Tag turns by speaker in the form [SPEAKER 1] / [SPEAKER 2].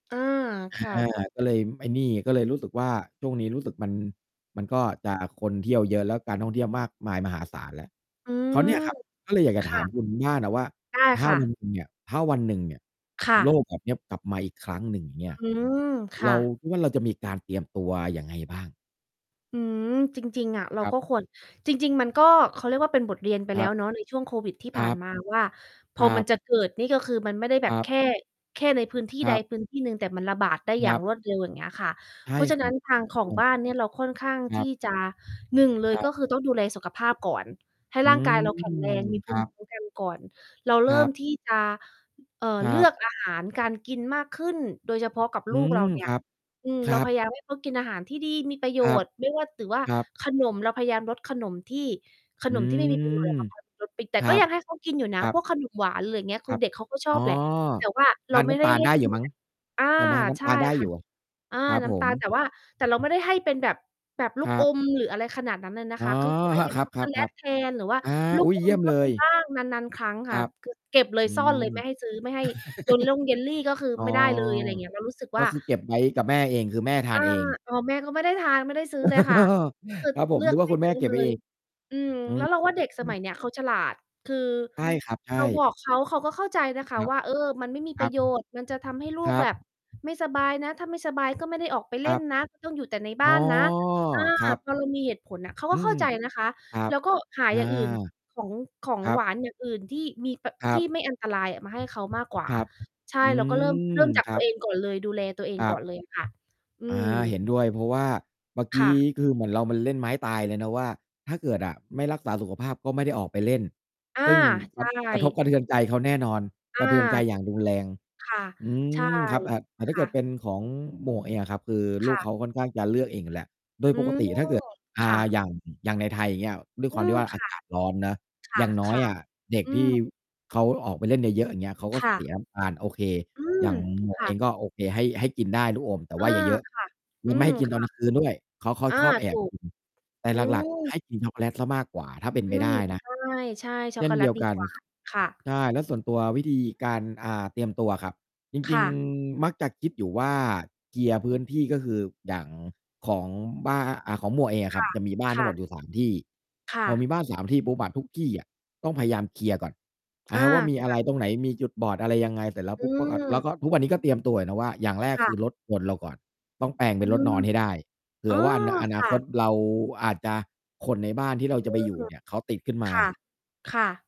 [SPEAKER 1] อา
[SPEAKER 2] อ
[SPEAKER 1] ค่ะ
[SPEAKER 2] า ก็เลย ม ไอ้นี่ ก็เลยรู้สึกว่า ช่วงนี้รู้สึกมัน มันก็จะคนเที่ยวเยอะ แล้วการท่องเที่ยวมากมายมหาศาลแล้ว
[SPEAKER 1] อื
[SPEAKER 2] คราว
[SPEAKER 1] ม
[SPEAKER 2] เนี่ยครับ ก็เลยอยากจ
[SPEAKER 1] ค
[SPEAKER 2] ะถ
[SPEAKER 1] ่
[SPEAKER 2] าม
[SPEAKER 1] ะ
[SPEAKER 2] คุณบ้านน่ะว่า
[SPEAKER 1] ได้
[SPEAKER 2] ถ้า
[SPEAKER 1] ค่
[SPEAKER 2] วั
[SPEAKER 1] ะ
[SPEAKER 2] นหนึ่งเนี่ย ถ้าวันหนึ่งเนี่ย
[SPEAKER 1] ค่
[SPEAKER 2] โร
[SPEAKER 1] ะ
[SPEAKER 2] คแบบเนี้ยกลับมาอีกครั้งหนึ่ง อย่างเงี้ย
[SPEAKER 1] อืม ค
[SPEAKER 2] เ
[SPEAKER 1] ่
[SPEAKER 2] รา
[SPEAKER 1] ะ
[SPEAKER 2] คิดว่า เราจะมีการเตรียมตัวยังไงบ้าง?
[SPEAKER 1] อืม จริง ๆ อะ เรา
[SPEAKER 2] ครั
[SPEAKER 1] ก
[SPEAKER 2] บ
[SPEAKER 1] ็ ควร จริง ๆ มันก็ เขาเรียกว่า เป็นบทเรียนไป
[SPEAKER 2] ค
[SPEAKER 1] แล
[SPEAKER 2] ร
[SPEAKER 1] ้
[SPEAKER 2] ั
[SPEAKER 1] ว
[SPEAKER 2] บ
[SPEAKER 1] เนาะ ใน ช่วงโควิด ที่
[SPEAKER 2] ค
[SPEAKER 1] ผ
[SPEAKER 2] ร
[SPEAKER 1] ่า
[SPEAKER 2] ั
[SPEAKER 1] น
[SPEAKER 2] บ
[SPEAKER 1] มา ว่า พ
[SPEAKER 2] ค
[SPEAKER 1] อ
[SPEAKER 2] รั
[SPEAKER 1] มัน
[SPEAKER 2] บ
[SPEAKER 1] จะเกิดนี่ก็คือมันไม่ได้แบ
[SPEAKER 2] คร
[SPEAKER 1] บ
[SPEAKER 2] ับ
[SPEAKER 1] แค่ แค่ในพื้นที่
[SPEAKER 2] ค
[SPEAKER 1] ใ
[SPEAKER 2] ร
[SPEAKER 1] ด
[SPEAKER 2] ับ
[SPEAKER 1] พื้น ที่หนึ่ง แต่มันระบาดได้อย
[SPEAKER 2] ค
[SPEAKER 1] ่
[SPEAKER 2] ร
[SPEAKER 1] า
[SPEAKER 2] ั
[SPEAKER 1] ง
[SPEAKER 2] บ
[SPEAKER 1] รวดเร็ว อย่าง เงี้ยค่ะ
[SPEAKER 2] ใช่
[SPEAKER 1] เพราะ ฉะ
[SPEAKER 2] ค
[SPEAKER 1] นั
[SPEAKER 2] ร
[SPEAKER 1] ้
[SPEAKER 2] ั
[SPEAKER 1] น
[SPEAKER 2] บ
[SPEAKER 1] ทาง
[SPEAKER 2] ถู
[SPEAKER 1] ข
[SPEAKER 2] ก
[SPEAKER 1] อง
[SPEAKER 2] ต้อ
[SPEAKER 1] บ
[SPEAKER 2] ง
[SPEAKER 1] ้านเนี่ยเราค่อนข้าง
[SPEAKER 2] ค
[SPEAKER 1] ท
[SPEAKER 2] รับ
[SPEAKER 1] ี่จะ 1 เล
[SPEAKER 2] ค
[SPEAKER 1] ย
[SPEAKER 2] รั
[SPEAKER 1] ก
[SPEAKER 2] บ
[SPEAKER 1] ็คือต้องดูแลสุขภาพก่อน ให้
[SPEAKER 2] อื
[SPEAKER 1] ร่างก
[SPEAKER 2] ม
[SPEAKER 1] าย เราแข็งแรง มีภ
[SPEAKER 2] ค
[SPEAKER 1] ู
[SPEAKER 2] รั
[SPEAKER 1] มิ
[SPEAKER 2] บ
[SPEAKER 1] คุ้มกัน ก่อน เราเ
[SPEAKER 2] ค
[SPEAKER 1] ริ
[SPEAKER 2] รั
[SPEAKER 1] ่ม
[SPEAKER 2] บ
[SPEAKER 1] ที่ จะ เอ่อ
[SPEAKER 2] คร
[SPEAKER 1] เล
[SPEAKER 2] ั
[SPEAKER 1] ื
[SPEAKER 2] บ
[SPEAKER 1] อก อาหาร การกินมากขึ้น โดยเฉพาะกับ
[SPEAKER 2] อื
[SPEAKER 1] ลูกเร
[SPEAKER 2] ม
[SPEAKER 1] า เนี่
[SPEAKER 2] ค
[SPEAKER 1] ย
[SPEAKER 2] รับ
[SPEAKER 1] อืม
[SPEAKER 2] ค
[SPEAKER 1] เ
[SPEAKER 2] ร
[SPEAKER 1] ร
[SPEAKER 2] ั
[SPEAKER 1] าพ
[SPEAKER 2] บ
[SPEAKER 1] ยายามให้เขากินอาหารที่ดี มีประโย
[SPEAKER 2] ครับ
[SPEAKER 1] ชน์ ไม่ว่า ด หรือว่า
[SPEAKER 2] ครับ
[SPEAKER 1] ขนม เราพยายามลดขนมที่ ข
[SPEAKER 2] อื
[SPEAKER 1] นมที่ไม่มี ประโยชน์
[SPEAKER 2] ม
[SPEAKER 1] อะ เพราะเขา ลดติด แต
[SPEAKER 2] ค
[SPEAKER 1] ่
[SPEAKER 2] ร
[SPEAKER 1] ก
[SPEAKER 2] ั
[SPEAKER 1] ็
[SPEAKER 2] บ
[SPEAKER 1] ยังให้ เขา กินอยู่น
[SPEAKER 2] ค
[SPEAKER 1] ะ
[SPEAKER 2] รั
[SPEAKER 1] พ
[SPEAKER 2] บ
[SPEAKER 1] วก ขนม หวาน หรือเงี้ย ค
[SPEAKER 2] คร
[SPEAKER 1] ือ
[SPEAKER 2] ับ
[SPEAKER 1] เด็กเขาก็ชอ
[SPEAKER 2] อ
[SPEAKER 1] บ
[SPEAKER 2] ๋อ
[SPEAKER 1] แหละ แต่ว่า
[SPEAKER 2] ท
[SPEAKER 1] เรา
[SPEAKER 2] าน
[SPEAKER 1] ไม
[SPEAKER 2] น
[SPEAKER 1] ่
[SPEAKER 2] ้
[SPEAKER 1] ไ
[SPEAKER 2] ำ
[SPEAKER 1] ด้
[SPEAKER 2] ตาล
[SPEAKER 1] ให้
[SPEAKER 2] ได้
[SPEAKER 1] ก
[SPEAKER 2] อยู
[SPEAKER 1] ิ
[SPEAKER 2] ่
[SPEAKER 1] น
[SPEAKER 2] มั้
[SPEAKER 1] แ
[SPEAKER 2] ง
[SPEAKER 1] บบ อา
[SPEAKER 2] ใช่ไหม? น้
[SPEAKER 1] ใช
[SPEAKER 2] ำต
[SPEAKER 1] ่
[SPEAKER 2] าลได้
[SPEAKER 1] ค
[SPEAKER 2] อ
[SPEAKER 1] ่ะ
[SPEAKER 2] ยู่
[SPEAKER 1] อา
[SPEAKER 2] ครับ
[SPEAKER 1] น้
[SPEAKER 2] ผ
[SPEAKER 1] ำตา
[SPEAKER 2] ม
[SPEAKER 1] ล แต่ว่า แต่ เราไม่ได้ให้เป็นแบบ แบบลู
[SPEAKER 2] ค
[SPEAKER 1] ก
[SPEAKER 2] รั
[SPEAKER 1] อ
[SPEAKER 2] บ
[SPEAKER 1] ม หรืออะไรขนาดนั้นเลยนะ
[SPEAKER 2] อ๋อ
[SPEAKER 1] คะ คือ คือให้เป็
[SPEAKER 2] ค
[SPEAKER 1] น
[SPEAKER 2] รั
[SPEAKER 1] ช
[SPEAKER 2] บ
[SPEAKER 1] ็อก
[SPEAKER 2] ค
[SPEAKER 1] โกแล
[SPEAKER 2] รั
[SPEAKER 1] ต
[SPEAKER 2] บ
[SPEAKER 1] แทน หร
[SPEAKER 2] ๆ
[SPEAKER 1] ือว่า
[SPEAKER 2] ๆ อา
[SPEAKER 1] ลู
[SPEAKER 2] อ
[SPEAKER 1] ก
[SPEAKER 2] ุ๊ย
[SPEAKER 1] อ
[SPEAKER 2] เยี
[SPEAKER 1] ม
[SPEAKER 2] ่ยม
[SPEAKER 1] ก็
[SPEAKER 2] เล
[SPEAKER 1] มี
[SPEAKER 2] ย
[SPEAKER 1] บ้าง นาน ๆ ครั้ง
[SPEAKER 2] ค
[SPEAKER 1] ค่
[SPEAKER 2] ร
[SPEAKER 1] ะ
[SPEAKER 2] ับ
[SPEAKER 1] คือ เก็บเล
[SPEAKER 2] อ
[SPEAKER 1] ย
[SPEAKER 2] ืม
[SPEAKER 1] ซ่อนเลย ไม่ให้ซื้อ ไม่ให้ ยลล่งเยลลี่ก็คือ
[SPEAKER 2] อ้อ
[SPEAKER 1] ไม่ได้เลย อะไรเงี้ย เรารู้สึก
[SPEAKER 2] ก
[SPEAKER 1] ว่
[SPEAKER 2] ็
[SPEAKER 1] า
[SPEAKER 2] คือเก็บไว้กับแม่เอง คือแม่ทา
[SPEAKER 1] อา
[SPEAKER 2] นเอง
[SPEAKER 1] อ๋อ แม่ก็ไม่ได้ทาน ไม่ได้ซื้อเลยค่ะ ก็คือ
[SPEAKER 2] ครับผ
[SPEAKER 1] เ
[SPEAKER 2] ม
[SPEAKER 1] ลือ
[SPEAKER 2] นึ
[SPEAKER 1] ก
[SPEAKER 2] กว่
[SPEAKER 1] ไ
[SPEAKER 2] า
[SPEAKER 1] ม่
[SPEAKER 2] คุณแ
[SPEAKER 1] ซ
[SPEAKER 2] ม่
[SPEAKER 1] ื้อ
[SPEAKER 2] เก็
[SPEAKER 1] เ
[SPEAKER 2] บ
[SPEAKER 1] ล
[SPEAKER 2] ไว้เอ
[SPEAKER 1] ย
[SPEAKER 2] ง
[SPEAKER 1] อืม
[SPEAKER 2] อื
[SPEAKER 1] แล้วเราว่า เด็ก ส
[SPEAKER 2] ม
[SPEAKER 1] มัยเนี้ย เขา ฉลาด คือ
[SPEAKER 2] ใช่ ครับ ใช
[SPEAKER 1] เราบ
[SPEAKER 2] ่
[SPEAKER 1] อกเขา เขาก็เข้าใจนะค
[SPEAKER 2] ค
[SPEAKER 1] ะ
[SPEAKER 2] รับ
[SPEAKER 1] ว่า เออ มันไม่มี
[SPEAKER 2] ค
[SPEAKER 1] ป
[SPEAKER 2] ร
[SPEAKER 1] ร
[SPEAKER 2] ั
[SPEAKER 1] ะ
[SPEAKER 2] บ
[SPEAKER 1] โยชน์ มันจะทำให้ลู
[SPEAKER 2] ค
[SPEAKER 1] ก
[SPEAKER 2] รั
[SPEAKER 1] แบ
[SPEAKER 2] บ
[SPEAKER 1] บไม่สบายนะ ถ้าไม่สบายก็ไม่ได้ออกไป
[SPEAKER 2] ค
[SPEAKER 1] เล
[SPEAKER 2] ร
[SPEAKER 1] ่
[SPEAKER 2] ั
[SPEAKER 1] น
[SPEAKER 2] บ
[SPEAKER 1] นะ ต้องอยู่แต่ใน
[SPEAKER 2] อ
[SPEAKER 1] บ
[SPEAKER 2] ๋
[SPEAKER 1] ้
[SPEAKER 2] อ
[SPEAKER 1] านนะ อา
[SPEAKER 2] ครับ
[SPEAKER 1] พอเรามี เหตุผลน่ะ เขาก
[SPEAKER 2] อื
[SPEAKER 1] ็เ
[SPEAKER 2] อ
[SPEAKER 1] ข้า
[SPEAKER 2] ฮึ
[SPEAKER 1] ใจนะ คะ
[SPEAKER 2] ครับ
[SPEAKER 1] เรา ก็หา
[SPEAKER 2] อา
[SPEAKER 1] อย่างอื่น ของ ของ
[SPEAKER 2] ครั
[SPEAKER 1] หว
[SPEAKER 2] บ
[SPEAKER 1] านอย่างอื่นที่มีปะ
[SPEAKER 2] ครั
[SPEAKER 1] ท
[SPEAKER 2] บ
[SPEAKER 1] ี่ไม่อันตรายอะมา ให้เขามากกว่า
[SPEAKER 2] ครับ
[SPEAKER 1] ใช่
[SPEAKER 2] อื
[SPEAKER 1] เราก็ เริ่ม
[SPEAKER 2] ม
[SPEAKER 1] เริ่มจาก
[SPEAKER 2] คร
[SPEAKER 1] ตั
[SPEAKER 2] ั
[SPEAKER 1] ว
[SPEAKER 2] บ
[SPEAKER 1] เองก่อน เลย ดูแลตัวเอง
[SPEAKER 2] ครั
[SPEAKER 1] ก่อ
[SPEAKER 2] บ
[SPEAKER 1] นเลย ค่ะ อื
[SPEAKER 2] อา เ
[SPEAKER 1] ม
[SPEAKER 2] ห็นด้วย เพราะว่าเมื่อก
[SPEAKER 1] ค
[SPEAKER 2] ี
[SPEAKER 1] ่
[SPEAKER 2] ้
[SPEAKER 1] ะ
[SPEAKER 2] คือเหมือนเรา มันเล่นไม้ตายเลยนะว่า ถ้าเกิดอะไม่รักษาสุขภาพก็ไม่ได้ออกไปเล่น
[SPEAKER 1] อา
[SPEAKER 2] ซึ่ง ค
[SPEAKER 1] ใช
[SPEAKER 2] รับ กระท
[SPEAKER 1] ่
[SPEAKER 2] บกระเทือนใจเขาแน่นอน
[SPEAKER 1] อ
[SPEAKER 2] ส
[SPEAKER 1] า
[SPEAKER 2] ะเทือนใจ
[SPEAKER 1] ถ
[SPEAKER 2] อย่
[SPEAKER 1] ู
[SPEAKER 2] าง
[SPEAKER 1] ก
[SPEAKER 2] รุนแรง
[SPEAKER 1] ค่ะ
[SPEAKER 2] อื
[SPEAKER 1] ใช่
[SPEAKER 2] ม ครับ เอ่อ แต่ถ
[SPEAKER 1] ค
[SPEAKER 2] ้าเก
[SPEAKER 1] ่
[SPEAKER 2] ิดเ
[SPEAKER 1] ะ
[SPEAKER 2] ป็นของหมวกเองอะครับ คือล
[SPEAKER 1] ค
[SPEAKER 2] ูก
[SPEAKER 1] ่ะ
[SPEAKER 2] เขาค่อนข้างจะเลือกเองอยู่แล้ว โดย
[SPEAKER 1] อื
[SPEAKER 2] ปก
[SPEAKER 1] ม
[SPEAKER 2] ติอะถ้าเกิด อ่
[SPEAKER 1] ค่
[SPEAKER 2] า
[SPEAKER 1] ะ
[SPEAKER 2] อย่าง อย่างในไทย อย่างเงี้ย ด้วยค
[SPEAKER 1] อื
[SPEAKER 2] วามที
[SPEAKER 1] ม
[SPEAKER 2] ่ว่า อ
[SPEAKER 1] ค
[SPEAKER 2] า
[SPEAKER 1] ่ะ
[SPEAKER 2] กาศ ร้อนเนาะ อย่างน้
[SPEAKER 1] ค
[SPEAKER 2] อย
[SPEAKER 1] ่ะ
[SPEAKER 2] อะเด็
[SPEAKER 1] ๆ
[SPEAKER 2] ก
[SPEAKER 1] อื
[SPEAKER 2] ที่
[SPEAKER 1] ม
[SPEAKER 2] เขาออกไปเล่นเยอะ ๆ อย่างเงี้ย เขาก็
[SPEAKER 1] ค่
[SPEAKER 2] เส
[SPEAKER 1] ะ
[SPEAKER 2] ีย น้ำตาล โอเค
[SPEAKER 1] อื
[SPEAKER 2] อย
[SPEAKER 1] ม
[SPEAKER 2] ่างหมวก
[SPEAKER 1] ค่
[SPEAKER 2] เอ
[SPEAKER 1] ะ
[SPEAKER 2] งก็ โอเค ให้ ให้กินได้ ลูกอม แต่
[SPEAKER 1] อ
[SPEAKER 2] ว่
[SPEAKER 1] า
[SPEAKER 2] าอย่าเยอะ
[SPEAKER 1] ค่ะ
[SPEAKER 2] แ
[SPEAKER 1] อ
[SPEAKER 2] ล
[SPEAKER 1] ื
[SPEAKER 2] ้วไม่
[SPEAKER 1] ม
[SPEAKER 2] ให้กิน
[SPEAKER 1] ค
[SPEAKER 2] ตอ
[SPEAKER 1] ่
[SPEAKER 2] น
[SPEAKER 1] ะ
[SPEAKER 2] กลางคืน ด้วย เขา เขา
[SPEAKER 1] อา
[SPEAKER 2] ชอบแอ
[SPEAKER 1] ถู
[SPEAKER 2] บ
[SPEAKER 1] ก
[SPEAKER 2] กิน แต่
[SPEAKER 1] อื
[SPEAKER 2] หลัก ๆ ให
[SPEAKER 1] ม
[SPEAKER 2] ้ กินช็อกโกแลตเสียมากกว่า ถ้าเป็น
[SPEAKER 1] อ
[SPEAKER 2] ไ
[SPEAKER 1] ื
[SPEAKER 2] ปได
[SPEAKER 1] ม
[SPEAKER 2] ้นะ
[SPEAKER 1] ใช่ ใช่ ช
[SPEAKER 2] เช
[SPEAKER 1] ็อกโก
[SPEAKER 2] ่น
[SPEAKER 1] แล
[SPEAKER 2] เดี
[SPEAKER 1] ต
[SPEAKER 2] ยว
[SPEAKER 1] ดี
[SPEAKER 2] กัน
[SPEAKER 1] กว่า ค่ะ
[SPEAKER 2] ใช่ แล้วส่วนตัววิธีการ อ่า เตรียมตัวอะครับ จ
[SPEAKER 1] ค
[SPEAKER 2] ริ
[SPEAKER 1] ่
[SPEAKER 2] ง
[SPEAKER 1] ะ
[SPEAKER 2] ๆ มักจะคิดอยู่ว่า เคลียร์ พื้นที่ ก็คืออย่างของบ้า อ อ่า ของหมวกเองอะ
[SPEAKER 1] ค
[SPEAKER 2] ครั
[SPEAKER 1] ่
[SPEAKER 2] บ
[SPEAKER 1] ะ
[SPEAKER 2] จะมีบ้าน
[SPEAKER 1] ค
[SPEAKER 2] ทั้
[SPEAKER 1] ่
[SPEAKER 2] งหม
[SPEAKER 1] ะ
[SPEAKER 2] ดอยู่ 3 ที่
[SPEAKER 1] ค่
[SPEAKER 2] พอ
[SPEAKER 1] ะ
[SPEAKER 2] มีบ้าน 3 ที่ปุ๊บอะ ทุกที่อะต้องพยายามเคลียร์ก่อน อ
[SPEAKER 1] อ
[SPEAKER 2] า
[SPEAKER 1] า
[SPEAKER 2] ว่ามี
[SPEAKER 1] ค
[SPEAKER 2] อะ
[SPEAKER 1] ่ะ
[SPEAKER 2] ไรตรงไหน มีจุดบอดอะไรยังไง เสร็จแล้ว
[SPEAKER 1] อ
[SPEAKER 2] ปุ๊บ เมื่อก่อน เรา
[SPEAKER 1] ืม
[SPEAKER 2] ก็ ทุกวันนี้ ก็เตรียมตัวอยู่นะว่า อย่างแรก
[SPEAKER 1] ค่
[SPEAKER 2] คื
[SPEAKER 1] ะ
[SPEAKER 2] อรถยนต์เราก่อน ต้องแปลงเ
[SPEAKER 1] อ
[SPEAKER 2] ป็
[SPEAKER 1] ื
[SPEAKER 2] นรถน
[SPEAKER 1] ม
[SPEAKER 2] อนให้ได้ เผ
[SPEAKER 1] อ
[SPEAKER 2] ื่
[SPEAKER 1] ๋อ
[SPEAKER 2] อว่า น อน
[SPEAKER 1] ค
[SPEAKER 2] า
[SPEAKER 1] ่
[SPEAKER 2] คต
[SPEAKER 1] ะ
[SPEAKER 2] เราอาจจะ คนในบ้านที่เรา
[SPEAKER 1] อ
[SPEAKER 2] จ
[SPEAKER 1] ื
[SPEAKER 2] ะไปอยู่
[SPEAKER 1] ม
[SPEAKER 2] เนี่ย เขาติดขึ้นมา
[SPEAKER 1] ค่ะ ค่ะ